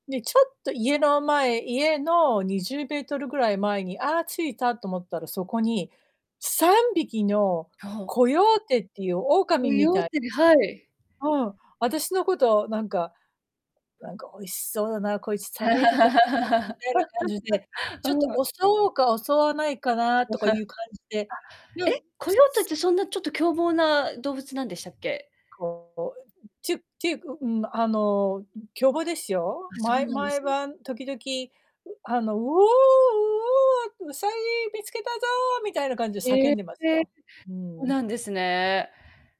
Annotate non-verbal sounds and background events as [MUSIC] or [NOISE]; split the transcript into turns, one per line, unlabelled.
に、ちょっと家の前、家の20メートルぐらい前に「あ、着いた」と思ったら、そこに3匹の
や、ほう。
コヨーテっていう
コ
狼み
ヨー
た
テ
い
てではい。
なうん、私のこと、なんか、「なんか美味しそうな、こいつ食べれるかな」みたいな感じで、
[LAUGHS]
ちょっ
う
と
ーん。
襲おうか襲わないかなとかい
[CHUCKLES] あ、
う感じで、よ
え、
んぷ
コヨーテっ
す。
てそんな、ちょっと凶暴な動物なんでしたっけ？
こう、こえうん、ちゅていうか、うーん、あの、ん、凶暴ですよ。
あ、そ
ま
う
い
なんで
毎
すね。
晩、時々、うあの、「ウオー、ウオー、ウサギ見つけたぞ」みたいな感じで叫
へえ、
んでますよ。うー
そう
ん。
なんですね。